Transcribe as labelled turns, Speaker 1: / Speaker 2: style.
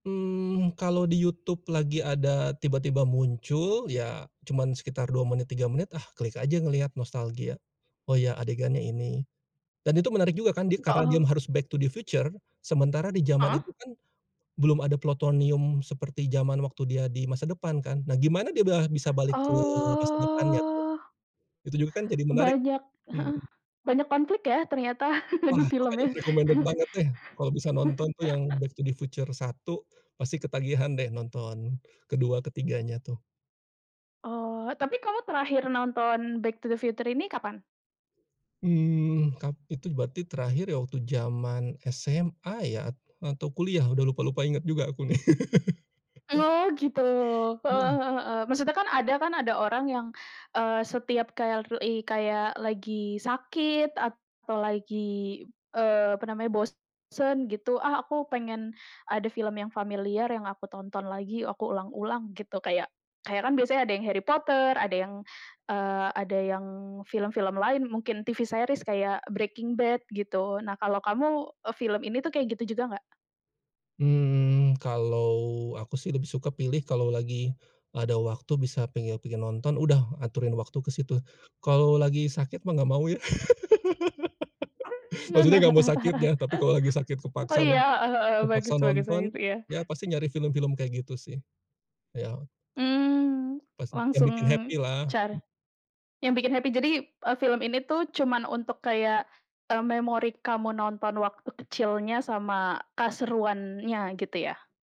Speaker 1: Mmm, kalau di YouTube lagi ada tiba-tiba muncul, ya cuman sekitar 2 menit, 3 menit ah klik aja ngelihat nostalgia. Oh ya adegannya ini, dan itu menarik juga kan di karena dia
Speaker 2: Aha.
Speaker 1: harus back to the future, sementara di zaman
Speaker 2: Heeh.
Speaker 1: itu kan, belum ada plutonium seperti zaman waktu dia di masa depan kan, nah gimana dia belah bisa balik ke masa depannya tuh?
Speaker 2: Oh.
Speaker 1: Itu juga kan jadi menarik,
Speaker 2: Banyak heeh,
Speaker 1: mmm.
Speaker 2: banyak konflik ya ternyata
Speaker 1: Wah
Speaker 2: di
Speaker 1: makanya
Speaker 2: filmnya.
Speaker 1: recommended banget deh, kalau bisa nonton tuh yang Back to The Future 1, pasti ketagihan deh nonton, ke-2, ke-3-nya tuh.
Speaker 2: Oh, tapi kamu terakhir nonton Back to the Future ini kapan?
Speaker 1: Hmm kap itu berarti terakhir ya, waktu zaman SMA ya at atau kuliah udah lupa lupa inget juga aku nih.
Speaker 2: Oh gitu, heeh
Speaker 1: Hmm.
Speaker 2: heeh heeh. Maksudnya kan ada kan, ada orang yang, eee, setiap kayak flui kayak lagi sakit atau lagi, eee, apa namanya bosen gitu. "Ah aku pengen, ada film yang familiar yang aku tonton lagi, aku ulang-ulang," gitu. Kayak kayak kan biasanya ada yang Harry Potter, ada yang, eee, ada yang film-film lain, mungkin TV series kayak Breaking Bad gitu. Nah kalau kamu, e film ini tuh kayak gitu juga nggak?
Speaker 1: Hmm, kalau aku sih lebih suka pilih kalau lagi, ada waktu bisa penge pengen nonton, udah aturin waktu ke situ. Kalau lagi sakit mah enggak mau ya. Maksudnya enggak mau sakitnya, tapi kalau lagi sakit
Speaker 2: Oh
Speaker 1: kepaksan ma
Speaker 2: iya heeh heeh, bagus
Speaker 1: kepaksa
Speaker 2: bagus kayak
Speaker 1: nonton,
Speaker 2: gitu, iya.
Speaker 1: ya pasti nyari film-film kayak gitu sih. Iya.
Speaker 2: Mmm,
Speaker 1: Pasti, yang
Speaker 2: langsung
Speaker 1: bikin happy
Speaker 2: cara
Speaker 1: lah.
Speaker 2: yang bikin happy jadi, eee, film ini tuh cuman untuk kayak, eee, memori kamu nonton waktu kecilnya sama keseruannya gitu ya?